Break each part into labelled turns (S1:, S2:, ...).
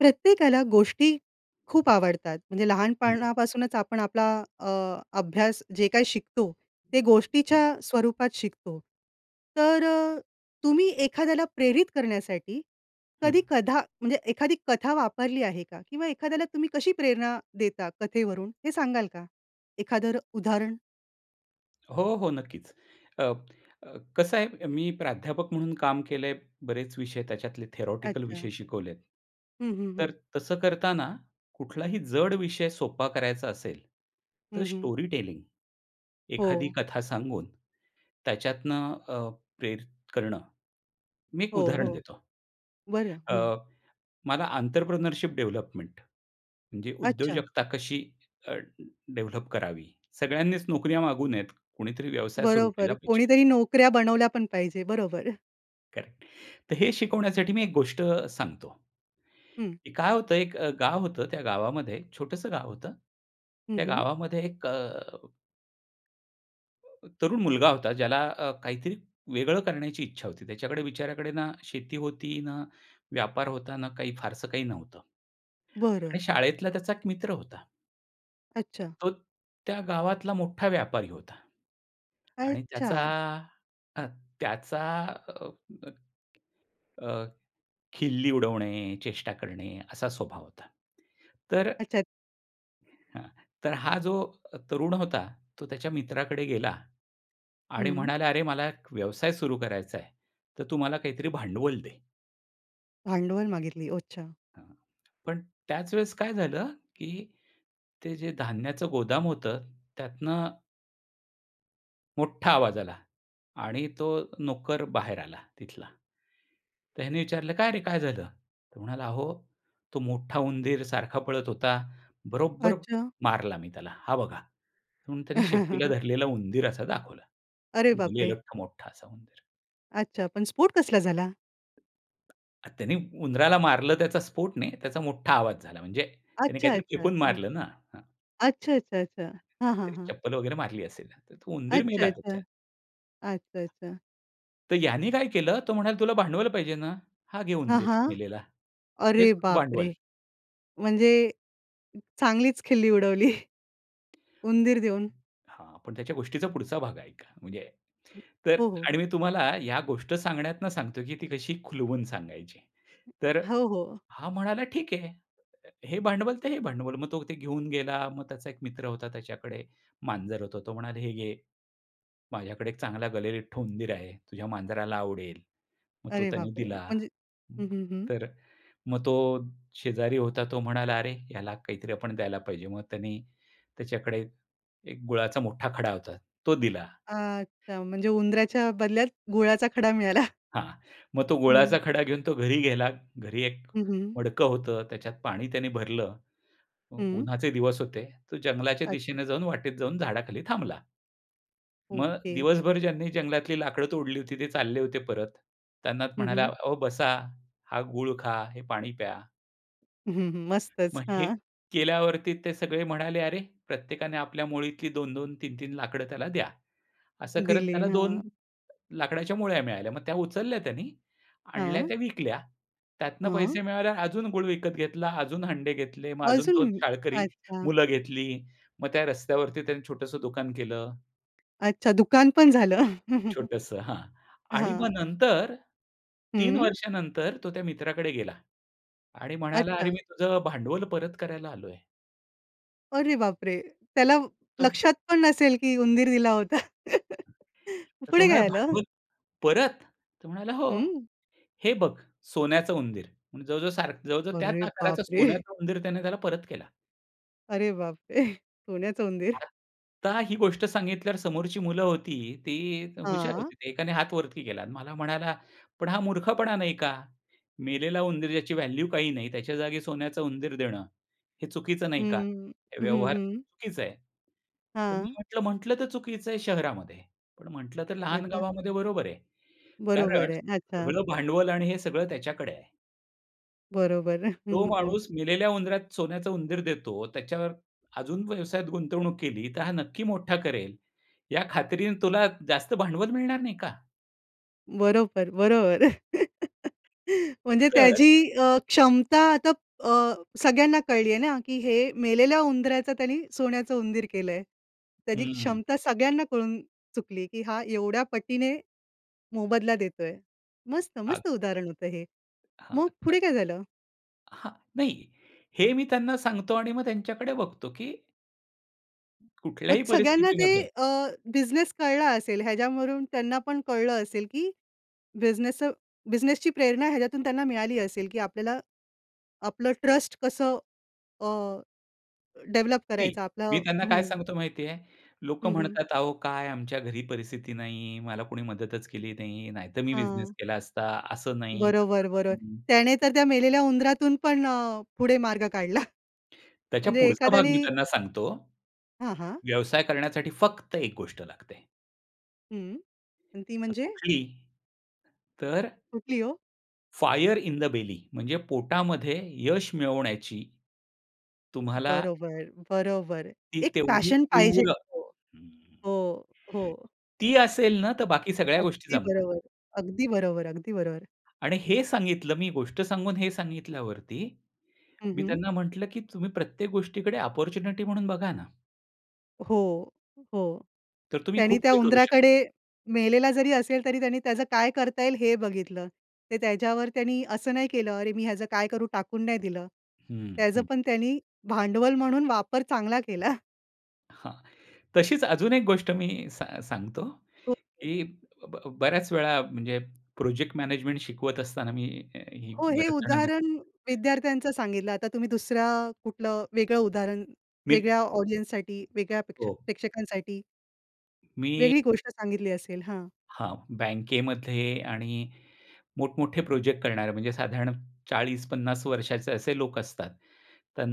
S1: प्रत्येकाला गोष्टी खूप आवडतात. म्हणजे
S2: हं.
S1: लहानपाणापासूनच आपण आपला अ, अभ्यास जे काही शिकतो ते
S2: हं.
S1: गोष्टीच्या स्वरूपात शिकतो. तर अ, तुम्ही एखाद्याला प्रेरित करण्यासाठी
S2: हं.
S1: कधी कथा, म्हणजे एखादी कथा वापरली आहे का? किंवा एखाद्याला तुम्ही कशी प्रेरणा देता कथेवरून हे सांगाल का? एखादं उदाहरण?
S2: हो, हो नक्कीच अ, अ, कसं आहे. मी प्राध्यापक म्हणून काम केलंय बरेच विषय त्याच्यातले थिअरेटिकल
S1: अच्छा.
S2: विषय शिकवलेत.
S1: हं, हं,
S2: तर
S1: हं.
S2: तसं करतांना कुठलाही जड विषय सोपा करायचा असेल तर
S1: हं, हं.
S2: Storytelling. एखादी
S1: हो.
S2: कथा सांगून त्याच्यातनं अ, प्रेरित करणं, मी एक
S1: हो,
S2: उदाहरण
S1: हो.
S2: देतो.
S1: बरं,
S2: अ,
S1: हं.
S2: मला आंत्रप्रेन्योरशिप डेव्हलपमेंट म्हणजे
S1: अच्छा.
S2: उद्योजकता कशी अ, डेव्हलप करावी? सगळ्यांनीच नोकऱ्या मागू नयेत. कुणीतरी व्यवसाय सुरू केला
S1: बरोबर.
S2: पाहिजे.
S1: कोणीतरी नोकऱ्या बनवल्या पण पाहिजे, बरोबर.
S2: करेक्ट. तर, हे शिकवण्यासाठी मी एक गोष्ट अ, सांगतो.
S1: हं.
S2: काय होतं अ, एक गाव होतं. त्या गावामध्ये एक छोटसं गाव होतं.
S1: हं,
S2: त्या
S1: हं.
S2: गावामध्ये एक अ तरुण मुलगा होता ज्याला अ, काहीतरी वेगळं करण्याची इच्छा होती. त्याच्याकडे बिचाऱ्याकडे ना, शेती होती, ना व्यापार होता, ना काही फारसं काही नव्हतं. आणि
S1: बरं.
S2: शाळेतला त्याचा एक मित्र होता.
S1: अच्छा.
S2: तो त्या गावातला मोठा व्यापारी होता. आणि त्याचा
S1: अच्छा.
S2: अ, त्याचा, अ, अ, अ, खिल्ली उडवणे, चेष्टा करणे असा स्वभाव होता. तर
S1: अच्छा.
S2: हां. तर हा जो तरुण होता, तो त्याच्या मित्राकडे गेला आणि
S1: हं.
S2: म्हणाला, "अरे मला एक व्यवसाय सुरू करायचा आहे, तर तू मला काहीतरी भांडवल दे."
S1: भांडवल मागितली. अच्छा.
S2: पण त्याच वेळेस काय झालं, की ते जे धान्याचं गोदाम होतं त्यातनं मोठा आवाज आला आणि तो नोकर बाहेर आला तिथला. तर ह्याने विचारलं, "काय रे काय झालं?" तो म्हणाला, "अहो, तो मोठा उंदीर सारखा पळत होता, बरोबर
S1: अच्छा.
S2: मारला मी त्याला हा बघा." म्हणून त्याने शेपटीला धरलेला उंदीर असा दाखवला.
S1: अरे बाप रे!
S2: गलेलठ्ठ मोठा असा उंदीर.
S1: अच्छा. पण स्फोट कसला झाला?
S2: त्यांनी उंदराला मारलं, त्याचा स्फोट नाही. त्याचा मोठा आवाज झाला म्हणजे त्याने
S1: अच्छा,
S2: काहीतरी
S1: अच्छा,
S2: फेकून
S1: अच्छा.
S2: मारलं ना. हं. हं,
S1: अच्छा, अच्छा, अच्छा. हां, हां,
S2: काहीतरी
S1: हां.
S2: चप्पल वगैरे मारली असेल, तर तो उंदीर मेला त्याच्यात.
S1: अच्छा-अच्छा. अच्छा-अच्छा.
S2: तर ह्याने काय केलं, तो म्हणाला तुला भांडवल पाहिजे ना? हा घे
S1: हां,
S2: उंदीर
S1: हां.
S2: मेलेला. हेच
S1: अरे
S2: तुझं
S1: बाप रे!
S2: भांडवल.
S1: म्हणजे चांगलीच खिल्ली उडवली उंदीर देऊन.
S2: हां, पण त्या गोष्टीचा पुढचा भाग ऐका म्हणजे, तर
S1: हो, हो.
S2: आणि मी तुम्हाला या गोष्ट सांगण्यातून सांगतोय की ती कशी खुलवून सांगायची तर अ,
S1: हो, हो.
S2: हा म्हणाला, "ठीक आहे, हे हे भांडवल ते हे भांडवल." मग तो ते घेऊन गेला मग त्याचा एक मित्र होता. त्याच्याकडे मांजर होतो तो म्हणाला, "हे घे, माझ्याकडे एक चांगला गलेलठ्ठ उंदीर आहे तुझ्या मांजराला आवडेल." मग तो
S1: अरे
S2: त्याने
S1: बापरे!
S2: दिला.
S1: म्हणजे हं, हं, हं.
S2: तर मग तो शेजारी होता, तो म्हणाला, "अरे, ह्याला काहीतरी आपण द्यायला पाहिजे." मग त्यांनी त्याच्याकडे एक गुळाचा मोठा खडा होता, तो दिला.
S1: अच्छा. म्हणजे उंदऱ्याच्या बदल्यात गुळाचा खडा मिळाला.
S2: हां. मग तो
S1: हं.
S2: गुळाचा खडा घेऊन तो घरी गेला, घरी एक
S1: हं, हं.
S2: मडकं होतं, त्याच्यात पाणी त्याने भरलं उ
S1: हं.
S2: उन्हाचे दिवस होते, तो जंगलाच्या
S1: अच्छा.
S2: दिशेनं जाऊन, वाटेत जाऊन झाडाखाली थांबला. मग
S1: ओके.
S2: दिवसभर ज्यांनी जंगलातली लाकडं तोडली होती, ते चालले होते परत. त्यांना
S1: हं,
S2: म्हणाला,
S1: हं.
S2: "अहो बसा हा गूळ खा, हे पाणी प्या."
S1: हं, हं.
S2: मग
S1: मस्तच.
S2: हे
S1: हां.
S2: केल्यावरती ते सगळे म्हणाले, "अरे, प्रत्येकाने आपल्या मुळीतली 2-2, 3-3 लाकडं त्याला द्या." असं करत
S1: दिले.
S2: त्याला 2
S1: हां.
S2: लाकडाच्या मुळ्या मिळाल्या. मग त्या उचलल्या त्यांनी आणल्या
S1: हां.
S2: त्या विकल्या, त्यातनं
S1: हां.
S2: पैसे मिळाल्यावर अजून गूळ विकत घेतला, अजून हंडे घेतले मग अजून 2
S1: अजून
S2: शाळकरी
S1: अच्छा.
S2: मुलं घेतली. मग त्या रस्त्यावरती त्यांनी छोटंसं दुकान केलं.
S1: अच्छा, दुकान पण झालं.
S2: छोटंसं. हां. आणि मग
S1: हां.
S2: नंतर 3
S1: हं.
S2: वर्षानंतर तो त्या मित्राकडे गेला. आणि म्हणाला, "अरे,
S1: अच्छा.
S2: मी तुझं भांडवल परत करायला आलोय."
S1: अरे बापरे! त्याला
S2: तो
S1: लक्षात पण नसेल, की उंदीर दिला होता.
S2: तर तो
S1: पुढे
S2: म्हणाला,
S1: काय झालं?
S2: "भांडवल." "परत?" तो म्हणाला, "हो."
S1: हं.
S2: "हे बघ सोन्याचं उंदीर.", म्हणजे जवळ-जवळ सारखं, जवळ-जवळ त्याच
S1: अरे बाप
S2: आकाराचा
S1: रे!
S2: सोन्याचं उंदीर त्याने त्याला परत केला.
S1: अरे बाप रे! सोन्याचं उंदीर.
S2: आता ही गोष्ट सांगितल्यावर समोरची मुलं होती ती हुशार
S1: हां.
S2: होती. ते एकाने हात वरती केला मला म्हणाला, "पण हा मूर्खपणा नाही का? मेलेला उंदीर ज्याची व्हॅल्यू काही नाही त्याच्या जागी सोन्याचा उंदीर देणं हे चुकीचं नाही का?
S1: हं.
S2: हे
S1: हं,
S2: व्यवहार
S1: हं.
S2: चुकीचं आहे." तर मी
S1: हां.
S2: म्हटलं, "म्हटलं तर चुकीचं आहे, शहरामध्ये पण, म्हटलं तर लहान
S1: आता.
S2: गावामध्ये बरोबर आहे कारण
S1: बरोबर आहे. अच्छा.
S2: सगळं भांडवल आणि हे सगळं त्याच्याकडे आहे."
S1: बरोबर.
S2: तो माणूस मेलेल्या उंदरात सोन्याचा उंदीर देतो, त्याच्यावर अजून व्यवसायात गुंतवणूक केली, तर हा नक्की मोठा करेल, या खात्रीने तुला जास्त भांडवल मिळणार नाही का?
S1: बरोबर, बरोबर. म्हणजे
S2: तर
S1: त्याची अ, क्षमता आता अ, सगळ्यांना कळली आहे ना, की हे मेलेल्या उंदराचं त्यांनी सोन्याचं उंदीर केलंय. त्याची
S2: हं.
S1: क्षमता सगळ्यांना कळून चुकली, की हा एवढ्या पटीने मोबदला देतोय. मस्त
S2: आग
S1: मस्त उदाहरण होतं हे.
S2: हां,
S1: मग
S2: आता
S1: पुढे काय झालं?
S2: हां. नाही, हे मी त्यांना सांगतो आणि मग त्यांच्याकडे बघतो, की
S1: मग
S2: कुठल्याही
S1: सगळ्यांना ते
S2: परिस्थितीमध्ये
S1: अ, बिझनेस कळला असेल, ह्याच्यावरून त्यांना पण कळलं असेल, की बिझनेस अ, बिझनेसची प्रेरणा ह्याच्यातून त्यांना मिळाली असेल की आपल्याला आपलं ट्रस्ट कसं अ, डेव्हलप
S2: नाही.
S1: करायचं
S2: मी
S1: आपलं
S2: त्यांना काय
S1: हं.
S2: सांगतो माहिती आहे, "लोकं
S1: हं, हं.
S2: म्हणतात अहो काय आमच्या घरी परिस्थिती नाही, मला कोणी मदतच केली नाही, नाहीतर मी बिझनेस
S1: हां.
S2: केला असता, असं नाही तसं
S1: बरोबर, बरोबर.
S2: नाही."
S1: त्याने तर त्या मेलेल्या उंदरातून पण अ, पुढे मार्ग काढला.
S2: त्याच्या
S1: म्हणजे
S2: पुढचा भाग मी
S1: एखाद्यानी
S2: त्यांना सांगतो,
S1: हां, हां.
S2: "व्यवसाय करण्यासाठी फक्त एक गोष्ट लागते?"
S1: हं. अन ती
S2: तर,
S1: म्हणजे?
S2: "कुठली?" तर
S1: कुठली हो?
S2: फायर इन द बेली, म्हणजे पोटामध्ये यश मिळवण्याची, तुम्हाला
S1: बरोबर. बरोबर.
S2: ती
S1: एक
S2: तेवढी
S1: पॅशन पाहिजे.
S2: तीव्र."
S1: हो.
S2: हं.
S1: हो, हो.
S2: ती असेल ना, तर बाकी सगळ्या गोष्टी
S1: अगदी
S2: जमतात.
S1: बरोबर. अगदी बरोबर, अगदी बरोबर.
S2: आणि हे सांगितलं. मी गोष्ट सांगून हे सांगितल्यावरती
S1: हं,
S2: मी
S1: हं.
S2: त्यांना म्हटलं, की "तुम्ही प्रत्येक गोष्टीकडे ऑपॉर्च्युनिटी म्हणून बघा ना."
S1: हो, हो.
S2: तर तुम्ही
S1: त्यानी
S2: खूप
S1: त्या
S2: काही करू शकता.
S1: उंदराकडे मेलेला जरी असेल, तरी त्यांनी त्याचं काय करता येईल हे बघितलं. ते त्याच्यावर त्यांनी असं नाही केलं, अरे मी ह्याचं काय करू? टाकून नाही दिलं,
S2: हं,
S1: त्याच
S2: हं.
S1: पण त्यानी भांडवल म्हणून वापर चांगला केला.
S2: हां. तशीच अजून एक गोष्ट मी सा सांगतो,
S1: हो, हो.
S2: की ब बऱ्याच वेळा म्हणजे प्रोजेक्ट मॅनेजमेंट शिकवत असताना, मी ही
S1: हो, हे
S2: बऱ्याच जणांना
S1: उदाहरण विद्यार्थ्यांचं सांगितलं. आता तुम्ही दुसरं कुठलं वेगळं उदाहरण
S2: मी
S1: वेगळ्या ऑडियन्ससाठी, वेगळ्या प्रेक्ष
S2: हो.
S1: प्रेक्षकांसाठी
S2: मी
S1: वेगळी गोष्ट सांगितली असेल? हां.
S2: हां, बँकेमध्ये आणि मोठ-मोठे प्रोजेक्ट करणारे, म्हणजे साधारण 40-50 वर्षाचे असे लोक असतात,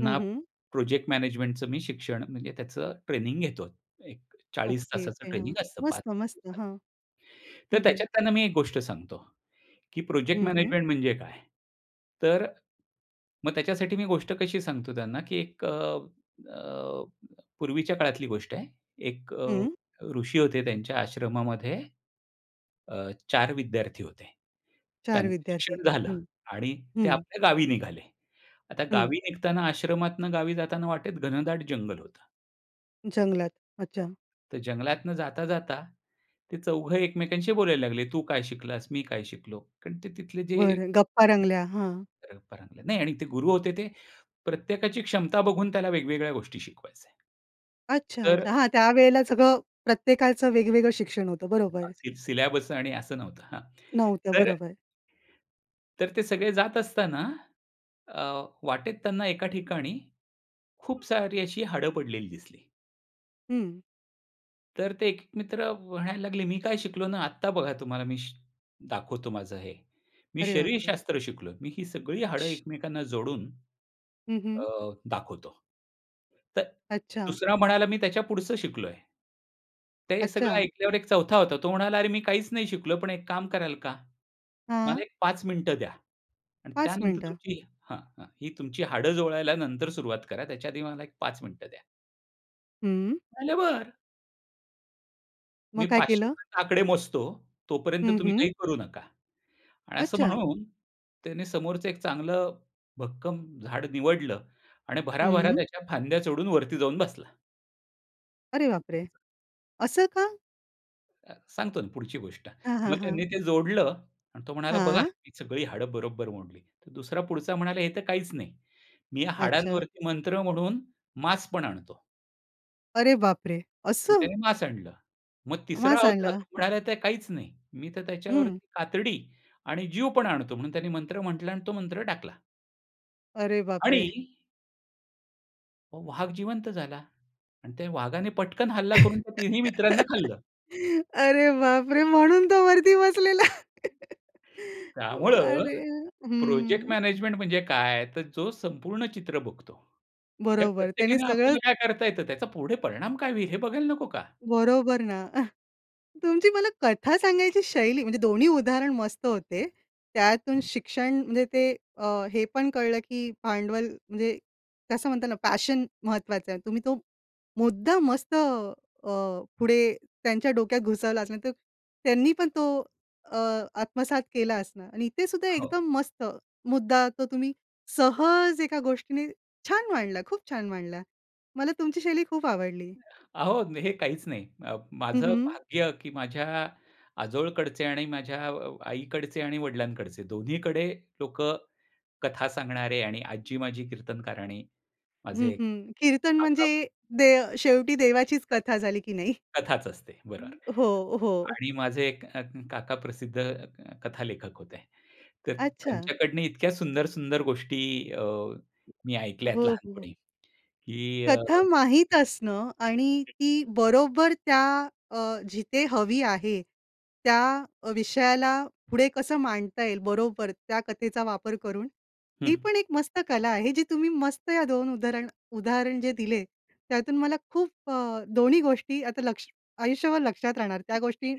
S1: हं, हं.
S2: प्रोजेक्ट मॅनेजमेंटचं मी शिक्षण म्हणजे त्याचं ट्रेनिंग घेतो, एक 40
S1: ओके,
S2: तासाचं
S1: ओके, हां.
S2: ट्रेनिंग असतं 5
S1: मस्त, मस्त.
S2: दिवसात.
S1: हां.
S2: तर
S1: हं, हं.
S2: त्याच्यात त्यांना मी एक गोष्ट सांगतो, की प्रोजेक्ट
S1: हं, हं.
S2: मॅनेजमेंट म्हणजे काय? तर, मग त्याच्यासाठी मी गोष्ट कशी सांगतो त्यांना की एक अ, अ, पूर्वीच्या काळातली गोष्ट आहे, एक अ,
S1: हं.
S2: ऋषी होते त्यांच्या आश्रमामध्ये, अ, 4 विद्यार्थी होते.
S1: 4
S2: त्यांचं
S1: विद्यार्थी.
S2: शिक्षण झालं
S1: हं.
S2: आणि ते
S1: हं.
S2: आपल्या गावी निघाले. आता
S1: हं.
S2: गावी निघताना आश्रमातून गावी जाताना वाटेत घनदाट जंगल होतं
S1: जंगलात. अच्छा.
S2: तर जंगलातनं जाता-जाता ते चौघं एकमेकांशी बोलायला लागले तू काय शिकलास? मी काय शिकलो? कारण ते तिथले जे
S1: बरं, गप्पा रंगल्या. हां.
S2: परंपरागत नाही आणि ते गुरु होते ते. प्रत्येकाची क्षमता बघून त्याला वेगवेगळ्या गोष्टी शिकवायचे. तर
S1: अच्छा-अच्छा. हां, त्यावेळेला सगळं प्रत्येकाचं वेगवेगळं शिक्षण होतं. बरोबर.
S2: अंतिम सिलेबस आणि असं नव्हतं हां.
S1: नव्हत्या,
S2: तर
S1: बरोबर.
S2: तर ते सगळे जात असताना अ, वाटेत त्यांना एका ठिकाणी खूप सारी अशी हाडं पडलेली दिसली.
S1: हं.
S2: तर ते एक-एक मित्र म्हणायला लागले, "मी काय शिकलो ना, आत्ता बघा तुम्हाला मी श दाखवतो माझं हे, मी
S1: अरे बापरे!
S2: शरीरशास्त्र शिकलोय, मी ही सगळी हाडं एकमेकांना जोडून,
S1: हं,
S2: अ,
S1: हं.
S2: दाखवतो." तर
S1: अच्छा.
S2: दुसरा म्हणायला, "मी त्याच्या पुढचं शिकलोय." ते सगळं
S1: अच्छा.
S2: ऐकल्यावर एक चौथा होता. तो म्हणाला, "अरे मी काहीच नाही शिकलोय. पण एक काम कराल का? मला
S1: हां.
S2: एक 5 मिनिटं द्या आणि
S1: 5
S2: त्यानंतर
S1: मिनटं.
S2: तुमची हां, हां. ही तुमची हाडं जोडायला नंतर सुरुवात करा, त्याच्याआधी मला एक 5 मिनिटं द्या."
S1: हं.
S2: ते म्हणाले, "बरं." मी
S1: मग काय
S2: 500
S1: केलं?
S2: पर्यंत आकडे मोजतो, तोपर्यंत
S1: हं,
S2: तुम्ही
S1: हं.
S2: काही करू नका आणि असं
S1: अच्छा!
S2: म्हणून, त्याने समोरचं एक चांगलं भक्कम झाड निवडलं आणि भरा-भरा
S1: हं.
S2: त्याच्या फांद्या चढून वरती जाऊन बसला.
S1: अरे बापरे! असं का?
S2: अ, सांगतो ना पुढची गोष्ट.
S1: हां,
S2: मग
S1: हां,
S2: त्यांनी
S1: हां.
S2: ते जोडलं आणि तो म्हणाला, बघा
S1: हां.
S2: ही सगळी हाडं बरोबर मोडली तर दुसरा पुढचा म्हणाला, "हे तर काहीच नाही. मी या
S1: अच्छा.
S2: हाडांवरती मंत्र म्हणून मांस पण आणतो."
S1: अरे बापरे!
S2: मग
S1: असं?
S2: त्याने मांस आणलं. मग तिसरा
S1: मांस
S2: होता
S1: आणलं.
S2: तो म्हणाला, "तर काहीच नाही. मी तर
S1: हं.
S2: त्याच्यावरती कातडी आणि जीव पण आणतो." म्हणून त्याने मंत्र म्हंटलं आणि तो मंत्र टाकला.
S1: अरे
S2: आणि
S1: बापरे!
S2: अहो, वाघ जिवंत झाला आणि त्या वाघाने पटकन हल्ला करून त्या तिन्ही मित्रांना खाल्लं.
S1: अरे, बापरे! म्हणून तो वरती बसलेला. वा
S2: त्यामुळं
S1: रे.
S2: प्रोजेक्ट
S1: हं.
S2: मॅनेजमेंट म्हणजे काय, तर जो संपूर्ण चित्र बघतो. या
S1: बरोबर त्यांनी
S2: प्रत्येकाने आपल्याला
S1: सगळंच
S2: काय करता येतं त्याचा पुढे परिणाम काय होईल, हे बघायला नको का?
S1: बरोबर ना. तुमची मला कथा सांगायची शैली, म्हणजे दोन्ही उदाहरण मस्त होते. त्यातून शिक्षण म्हणजे ते अ, हे पण कळलं की भांडवल म्हणजे कसं म्हणतो ना पॅशन महत्त्वाचं आहे. तुम्ही तो मुद्दा मस्त अ, अ, पुढे त्यांच्या डोक्यात घुसवला असणार त्यांनी पण तो अ, आत्मसात केला असनार आणि इथे सुद्धा
S2: हो.
S1: एकदम मस्त मुद्दा तो तुम्ही सहज एका गोष्टीने छान मांडला, खूप छान मांडला. मला तुमची शैली खूप आवडली.
S2: अहो, हे काहीच नाही, अ,
S1: हं,
S2: माझं
S1: हं.
S2: भाग्य की माझ्या आजोळकडचे आणि माझ्या अ, आईकडचे आणि वडिलांकडचे दोन्हीकडे लोक कथा सांगणारे आणि आजी माझी कीर्तनकार आणि
S1: हं,
S2: माझे,
S1: हं, कीर्तन
S2: काका
S1: म्हणजे दे शेवटी देवाचीच
S2: [unintelligible]
S1: कथा झाली की नाही?
S2: कथाच असते. बरोबर.
S1: हो, हो.
S2: आणि माझे एक अ, काका प्रसिद्ध अ, कथालेखक होते. तर
S1: अच्छा.
S2: त्यांच्याकडनं इतक्या सुंदर, सुंदर गोष्टी अ, मी ऐकल्यात
S1: हो, हो.
S2: लहानपणी की अ
S1: कथा माहीत असणं आणि ती बरोबर त्या अ, जिथे हवी आहे त्या अ, विषयाला पुढे कसं मांडता येईल, बरोबर त्या कथेचा वापर करून ही
S2: हं.
S1: पण एक मस्त कला आहे. जी तुम्ही मस्त या 2 उदाहरण उदाहरण जे दिले, त्यातून मला खूप अ, दोन्ही गोष्टी आता लक्ष आयुष्यभर लक्षात राहणार. त्या गोष्टी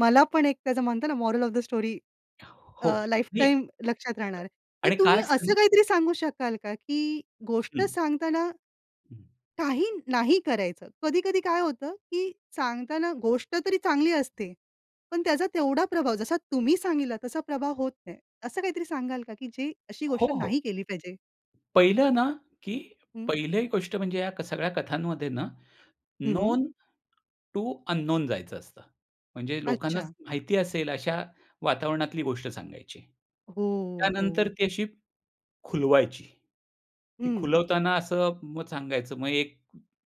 S1: मला पण एक त्याचं म्हणतात ना मॉरल ऑफ द स्टोरी
S2: हो,
S1: अ, लाइफ
S2: नाही
S1: टाइम लक्षात राहणार आहे. तर
S2: आणि काय
S1: तुम्ही
S2: असतं ना
S1: असं काहीतरी सांगू शकाल का, की गोष्ट
S2: हं.
S1: सांगताना,
S2: हं.
S1: काही नाही करायचं? कधी-कधी काय होतं, की सांगताना गोष्ट तरी चांगली असते, पण त्याचा तेवढा प्रभाव, जसा तुम्ही सांगितला, तसा प्रभाव होत नाही. असं काहीतरी सांगाल का, की जे अशी
S2: हो,
S1: गोष्ट
S2: हो.
S1: नाही केली पाहिजे.
S2: पहिलं ना, की
S1: हं.
S2: पहिली गोष्ट म्हणजे या सगळ्या कथांमध्ये ना,
S1: हं, हं.
S2: नोन टू अनोन जायचं असतं. म्हणजे लोकांना
S1: अच्छा.
S2: माहिती असेल अशा वातावरणातली गोष्ट सांगायची.
S1: हो,
S2: त्यानंतर
S1: हो.
S2: ती अशी खुलवायची. ती
S1: हं.
S2: खुलवताना असं मग सांगायचं, मग एक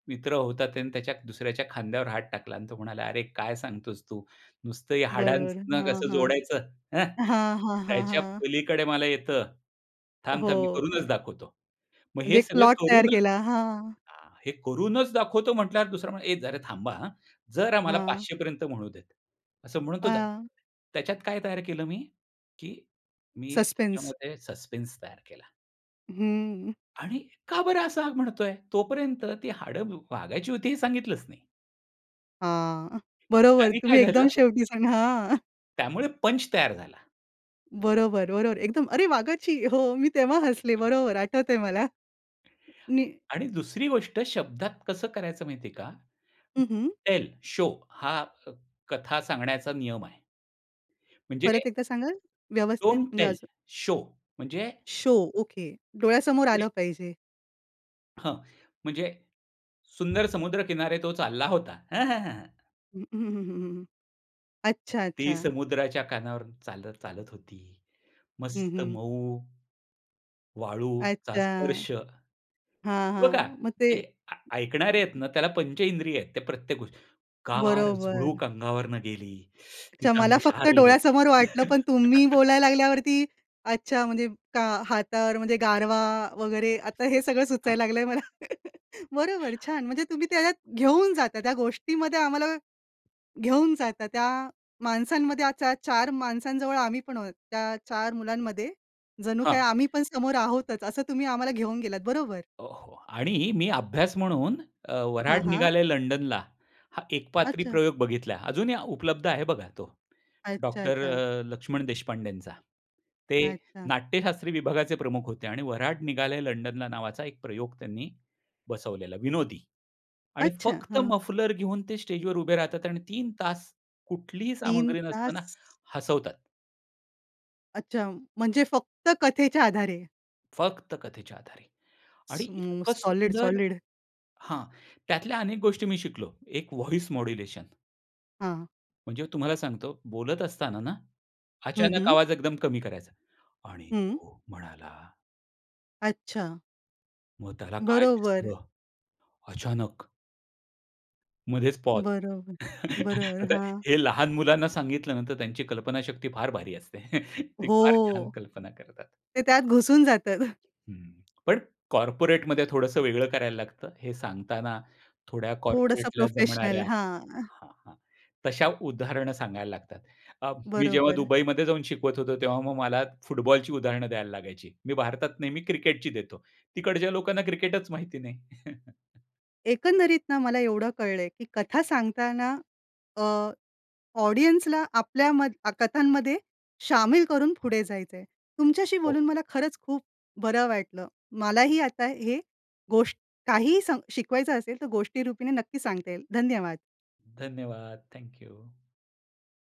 S2: मित्र होता त्याने त्याच्या दुसऱ्याच्या खांद्यावर हात टाकला आणि तो म्हणाला, "अरे, काय सांगतोस तू नुसतं या
S1: बरोबर,
S2: हाडांना
S1: हां,
S2: कसं
S1: हां.
S2: जोडायचं हं,
S1: हां, हां, हां,
S2: त्याच्या
S1: हां.
S2: पलीकडे मला येतं, थांब, थांब, मी
S1: हो.
S2: करूनच दाखवतो." मग
S1: म्हणजे
S2: हे
S1: 1
S2: सगळं
S1: प्लॉट तयार
S2: करूनच
S1: केला. हां.
S2: हां, हे करूनच दाखवतो म्हटल्यावर, दुसरा म्हणा, "ए, जरा थांबा. आ, जरा मला
S1: हां.
S2: 500 पर्यंत म्हणू दे." असं म्हणून तो जा,
S1: हां.
S2: त्याच्यात काय तयार केलं मी, की मी
S1: सस्पेन्स.
S2: त्याच्यामध्ये सस्पेंस तयार केला.
S1: हं.
S2: आणि का बरं असं हा म्हणतोय. तोपर्यंत ती हाड व वाघाची होती हे सांगितलंच नाही.
S1: हां. बरोबर
S2: त्यांनी काय
S1: तुम्ही एकदम
S2: झालं?
S1: शेवटी सांगा हां.
S2: त्यामुळे पंच तयार झाला.
S1: बरोबर, बरोबर. एकदम, "अरे वाघाची!" हो, मी तेव्हा हसले
S2: [unintelligible]
S1: बरोबर आठवतंय मला. नि
S2: आणि दुसरी गोष्ट शब्दात कसं करायचं माहिती आहे का,
S1: हं, हं.
S2: "Tell, show." हा अ, कथा सांगण्याचा नियम आहे. म्हणजे
S1: परत एकदा सांगाल? व्यवस्थित
S2: "डोन्ट
S1: म्हणजे
S2: टेल,
S1: अजून.
S2: शो." म्हणजे
S1: शो ओके. डोळ्यासमोर
S2: म्हणजे
S1: आलं पाहिजे.
S2: हां. म्हणजे सुंदर समुद्र किनारे तो चालला होता. हं, हं, हां.
S1: हं.
S2: ती
S1: अच्छा-अच्छा.
S2: समुद्राच्या कानावर चालत-चालत होती.
S1: हं,
S2: मस्त
S1: हं.
S2: मऊ, वाळूचा
S1: अच्छा!
S2: स्पर्श.
S1: हां,
S2: बघा,
S1: हां, मग ते
S2: ते अ, ऐकणारे आहेत ना, त्याला पंच इंद्रिय आहेत ते प्रत्येक गोष्टी. गार
S1: बरोबर.
S2: झुळूक अंगावरून गेली.
S1: अच्छा,
S2: तिचं
S1: मला
S2: अंग
S1: फक्त
S2: शहारलं.
S1: डोळ्यासमोर वाटलं पण तुम्ही बोलायला लागल्यावरती, अच्छा, म्हणजे का हातावर म्हणजे गारवा वगैरे आता हे सगळं
S2: हां.
S1: सुचायला लागलंय मला. बरोबर, छान म्हणजे तुम्ही त्याच्यात घेऊन जाता, त्या गोष्टीमध्ये आम्हाला घेऊन जाता. त्या माणसांमध्ये आता 4 माणसांजवळ आम्ही पण आहोत. त्या 4 मुलांमध्ये जणू काय
S2: हां.
S1: आम्ही पण समोर आहोतच. असं तुम्ही आम्हाला घेऊन गेलात. बरोबर.
S2: हो, हो. आणि मी अभ्यास म्हणून अ,
S1: हां,
S2: वऱ्हाड
S1: हां.
S2: निघाले लंडनला. हा एकपात्री
S1: अच्छा.
S2: प्रयोग बघितला. अजूनही उपलब्ध आहे बघा तो. डॉक्टर
S1: अच्छा-अच्छा.
S2: अ, लक्ष्मण देशपांडेंचा. ते
S1: अच्छा.
S2: नाट्यशास्त्री विभागाचे प्रमुख होते आणि वऱ्हाड निघालंय लंडनला नावाचा एक प्रयोग त्यांनी बसवलेला विनोदी. आणि
S1: अच्छा!
S2: फक्त
S1: हां.
S2: मफलर घेऊन ते स्टेजवर उभे राहतात आणि 3 तास कुठलीही
S1: 3
S2: सामग्री नसताना
S1: तास?
S2: हसवतात.
S1: अच्छा. म्हणजे फक्त कथेच्या आधारे.
S2: फक्त कथेच्या आधारे. आणि इतकं
S1: स्मूस सॉलिड,
S2: सुंदर
S1: सॉलिड.
S2: हां. त्यातल्या अनेक गोष्टी मी शिकलो. एक वॉइस मॉड्युलेशन.
S1: हां.
S2: म्हणजे तुम्हाला सांगतो, बोलत असताना ना,
S1: हं,
S2: अचानक
S1: हं.
S2: आवाज एकदम कमी करायचा आणि
S1: हं.
S2: तो म्हणाला
S1: अच्छा.
S2: मग त्याला काय
S1: बरोबर.
S2: दिसलं अचानक? मध्येच पॉज.
S1: बरोबर. बरोबर,
S2: आता
S1: हां.
S2: हे लहान मुलांना सांगितल ना, की त्यांची कल्पनाशक्ती फार भारी असते. ते फार छान
S1: हो.
S2: कल्पना करतात.
S1: ते त्यात घुसून जातात.
S2: हं. पण कॉर्पोरेटमध्ये थोडंसं वेगळं करायला लागतं, हे सांगताना थोड्या
S1: थोडंस
S2: कॉर्पोरेटला
S1: प्रोफेशनल,
S2: जमणाऱ्या
S1: हां.
S2: हा, हां. तशा उदाहरणं सांगायला लागतात. अ, मी जेव्हा
S1: बरोबर.
S2: दुबईमध्ये जाऊन शिकवत होतो, तेव्हा मग मला फुटबॉलची उदाहरणं द्यायला लागायची. मी भारतात नेहमी क्रिकेटची देतो, तिकडच्या लोकांना क्रिकेटच माहिती नाही.
S1: एकंदरीत ना, मला एवढं कळलं आहे, की कथा सांगताना अ, ऑडियन्सला आपल्याम कथांमध्ये शामिल करून पुढे जायचं आहे. तुमच्याशी
S2: हो.
S1: बोलून मला खरंच खूप बरं वाटलं. मलाही आता ही गोष्ट काहीही सम शिकवायचं असेल, तर गोष्टीरूपीने नक्की सांगता येईल. धन्यवाद.
S2: धन्यवाद. Thank you.